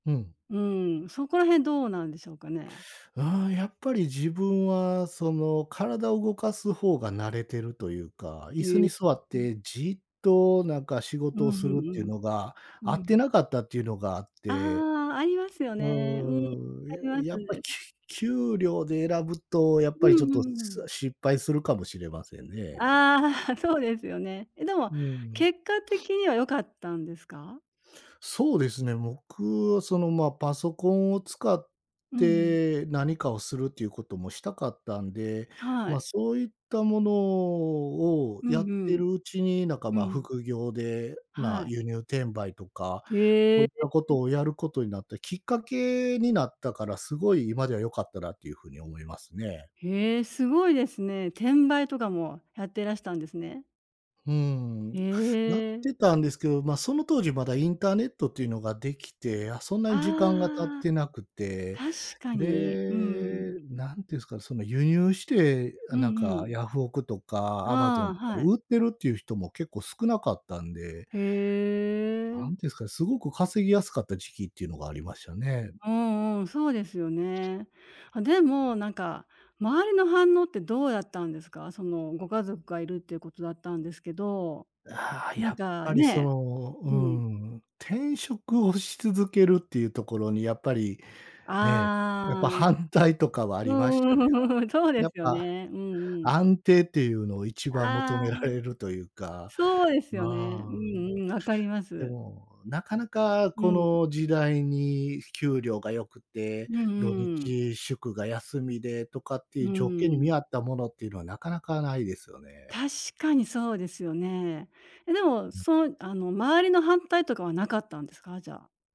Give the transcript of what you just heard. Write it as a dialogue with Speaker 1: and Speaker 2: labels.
Speaker 1: ふん。
Speaker 2: うーん、そこら辺どうなんでしょうかね？
Speaker 1: ああ、やっぱり自分は、その体を動かす方が慣れてると言うか、椅子
Speaker 2: へ
Speaker 1: に座っ
Speaker 2: え。
Speaker 1: てじっと、なんか仕
Speaker 2: う
Speaker 1: 事を
Speaker 2: ん
Speaker 1: す
Speaker 2: う
Speaker 1: るって言う
Speaker 2: ん
Speaker 1: のが、
Speaker 2: うん、
Speaker 1: 合っ
Speaker 2: う
Speaker 1: て
Speaker 2: ん。
Speaker 1: なかったって言うのがあっ
Speaker 2: あ
Speaker 1: て。
Speaker 2: あ、ありますよ
Speaker 1: う
Speaker 2: ね。うん、あり
Speaker 1: ー
Speaker 2: ま
Speaker 1: ん、
Speaker 2: す
Speaker 1: ややっぱ、き
Speaker 2: ね。
Speaker 1: ゅ給料で選ぶと、やっ
Speaker 2: う
Speaker 1: ぱりちょっ
Speaker 2: んう
Speaker 1: と、し
Speaker 2: んうん。
Speaker 1: 失敗するかもしれませんね。
Speaker 2: ああ、そうですよね。え、でも
Speaker 1: うん。
Speaker 2: 結果的 には良かったんですか？
Speaker 1: そうですね、僕はそのまあ、パソコンを使っ
Speaker 2: うん。
Speaker 1: て何かをするって言う事もしたかったんで、
Speaker 2: は
Speaker 1: まあ、
Speaker 2: い。
Speaker 1: そう言ったものを
Speaker 2: う
Speaker 1: や
Speaker 2: ん
Speaker 1: っ
Speaker 2: う
Speaker 1: て
Speaker 2: ん、
Speaker 1: るうちに、なんか、
Speaker 2: う
Speaker 1: まあ、
Speaker 2: ん。
Speaker 1: 副業で、まあ、
Speaker 2: はい。
Speaker 1: 輸入転売とか、そ
Speaker 2: へ
Speaker 1: う言った
Speaker 2: え。
Speaker 1: 事をやる事になったきっかけになったから、凄い今では良かったなって言う風に思いますね。
Speaker 2: へえ、凄いですね。転売とかもやってらしたんですね。
Speaker 1: うーん、
Speaker 2: へ
Speaker 1: やっ
Speaker 2: え。
Speaker 1: てたんですけど、まあ、その当時、まだインターネットって言うのが出来て、あ、そんなに時間が経っ
Speaker 2: ああ、
Speaker 1: てなくて、
Speaker 2: 確かに、うん。
Speaker 1: で、何て言うんですか、その輸入して、
Speaker 2: う
Speaker 1: なん
Speaker 2: んう
Speaker 1: か
Speaker 2: ん。
Speaker 1: ヤフオクとか、アマゾ
Speaker 2: あ
Speaker 1: ン
Speaker 2: あ、
Speaker 1: とか
Speaker 2: は
Speaker 1: で
Speaker 2: い。
Speaker 1: 売ってるって言う人も結構少なかったんで
Speaker 2: へ
Speaker 1: 何て言
Speaker 2: え。
Speaker 1: うんですかね、凄く稼ぎやすかった時期って言うのがありましたね。
Speaker 2: うんうん、そうですよね。あ、でもなんか周りの反応ってどうだったんですか？そのご家族がいるって言う事だったんですけど、
Speaker 1: ああ、
Speaker 2: な
Speaker 1: や
Speaker 2: ん
Speaker 1: っ
Speaker 2: か
Speaker 1: ぱりそ
Speaker 2: ね、
Speaker 1: の、う
Speaker 2: うん。
Speaker 1: ん、転職をし続けるって言うところに、やっぱり、ね、
Speaker 2: あ
Speaker 1: やっ
Speaker 2: あ、
Speaker 1: ぱ
Speaker 2: う
Speaker 1: 反対とかはあ
Speaker 2: う
Speaker 1: りましたね。
Speaker 2: うん。そうで
Speaker 1: やっ
Speaker 2: すよ
Speaker 1: ぱ、
Speaker 2: ね。うんうん。
Speaker 1: 安定って言うのを一番求
Speaker 2: あ
Speaker 1: めら
Speaker 2: あ。
Speaker 1: れると言うか、
Speaker 2: そうです
Speaker 1: う
Speaker 2: よね。う
Speaker 1: ん。
Speaker 2: んうん、分かりま
Speaker 1: で
Speaker 2: す。
Speaker 1: も、なかなか
Speaker 2: う
Speaker 1: こ
Speaker 2: ん。
Speaker 1: の時代に給料が良くて、
Speaker 2: うんう
Speaker 1: 土
Speaker 2: んうん。
Speaker 1: 日祝が休みでとかって
Speaker 2: う
Speaker 1: 言う条件に
Speaker 2: ー
Speaker 1: 見
Speaker 2: ん。
Speaker 1: 合ったものって言うのは、なかなか無いですよね。
Speaker 2: 確かにそうですよね。え、でも、
Speaker 1: うん。
Speaker 2: そう、あの周りの反対とかは無かったんですか？じゃあ。